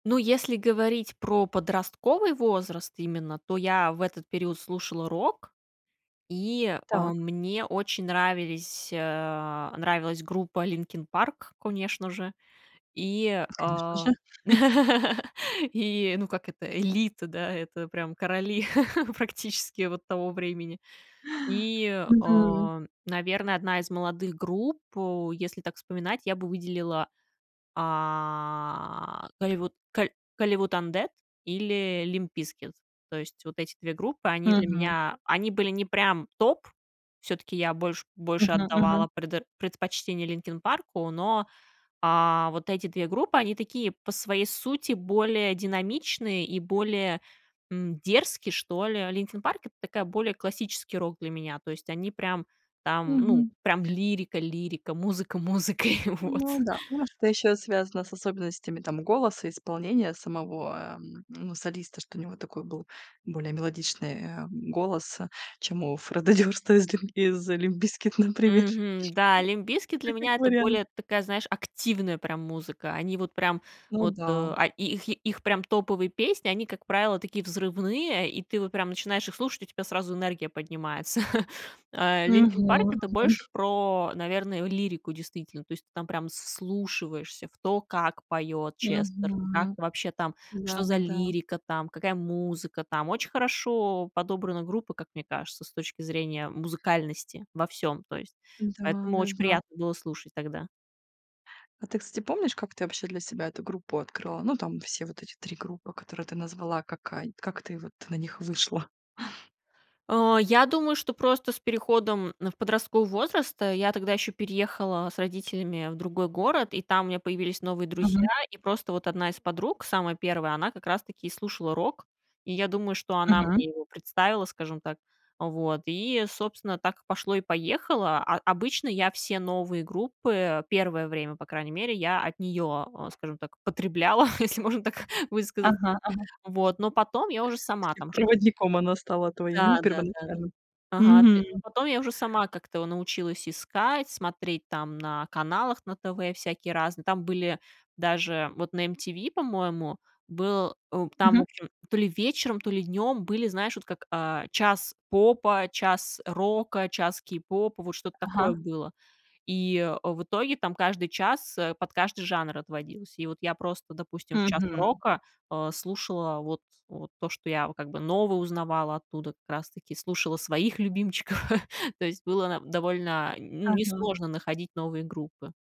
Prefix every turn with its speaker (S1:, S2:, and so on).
S1: Ну, если говорить про подростковый возраст именно, то я в этот период слушала рок, и, э,
S2: Так.
S1: мне очень нравились, а, нравилась группа Linkin Park, конечно же, и,
S2: Конечно же.
S1: э И, ну, как это, элита, да, это прям короли практически вот того времени. И,
S2: Мгм.
S1: э, наверное, одна из молодых групп, э, если так вспоминать, я бы выделила, а, ай вот каль Hollywood Undead или Limp Bizkit. То есть вот эти 2 группы, они для
S2: Мгм.
S1: меня они были не прям топ, всё-таки я больше больше
S2: Мгм, мгм.
S1: отдавала предо предпочтение "Линкин Парку", но, а, вот эти 2 группы они такие по своей сути более динамичные и более, м, дерзкие, что ли. Linkin Park- это такой более классический рок для меня. То есть они прям там, ну,
S2: Мгм.
S1: прям лирика лирика, музыка музыкой. Вот.
S2: Ну да, может, это ещё связано с особенностями там голоса, исполнения самого, а, эм, ну, солиста, что у него такой был более мелодичный, э, голос, э, чем у Фреда Дёрста из ль из Limp Bizkit, например.
S1: Мгм, да. Limp Bizkit
S2: Ну,
S1: для
S2: как
S1: меня это
S2: вариант.
S1: более такая, знаешь, активная прям музыка. Они вот прям
S2: Ну
S1: вот, э,
S2: да.
S1: а и их и их прям топовые песни они, как правило, такие взрывные, и ты вот прям начинаешь их слушать, у тебя сразу энергия поднимается. Э,
S2: Мгм
S1: Linkin Park- это
S2: мгм.
S1: больше про, наверное, лирику действительно. То есть ты там прям с с вслушиваешься в то, как поёт Честер. Как
S2: Мгм.
S1: вообще там, что за
S2: Да-да-да.
S1: лирика там, какая музыка там. Очень хорошо подобрана группа, как мне кажется, с точки зрения музыкальности во всём, то есть
S2: Да,
S1: поэтому очень
S2: да-да.
S1: приятно было слушать тогда.
S2: А ты, кстати, помнишь, как ты вообще для себя эту группу открыла? Ну, там все вот эти 3 группы, которые ты назвала, как ай Как ты вот на них вышла?
S1: Э, я думаю, что просто с переходом в подростковый возраст, э, я тогда ещё переехала с родителями в другой город, и там у меня появились новые друзья.
S2: Мгм.
S1: И просто вот одна из подруг, самая первая, она как раз-таки и слушала рок. И я думаю, что она
S2: Мгм.
S1: мне его представила, скажем так. Вот и, собственно, так и пошло и поехало. А обычно я все новые группы первое время, по крайней мере, я от неё, э, скажем так, потребляла, если можно так высказаться.
S2: Ага ага.
S1: Вот, но потом я уже сама
S2: И
S1: там что
S2: проводником она стала твоим, ну,
S1: Да да да да.
S2: первоначальным.
S1: Ага [unintelligible] а
S2: Мгм.
S1: потом я уже сама как-то, э, научилась искать, смотреть там на каналах на ТВ всякие разные. Там были даже вот на MTV, по-моему, был, э, там, в
S2: Мгм.
S1: общем, то ли вечером, то ли днём были, знаешь, вот как, э, час попа, час рока, час кейпопа. Вот что-то такое
S2: Ага.
S1: было. И в итоге там каждый час, э, под каждый жанр отводилось. И вот я просто, допустим, в час
S2: Мгм.
S1: рока, э, слушала вот вот то, что я вот как бы новое узнавала оттуда, как раз таки слушала своих любимчиков. То есть было на довольно, ну,
S2: Ага.
S1: несложно находить новые группы.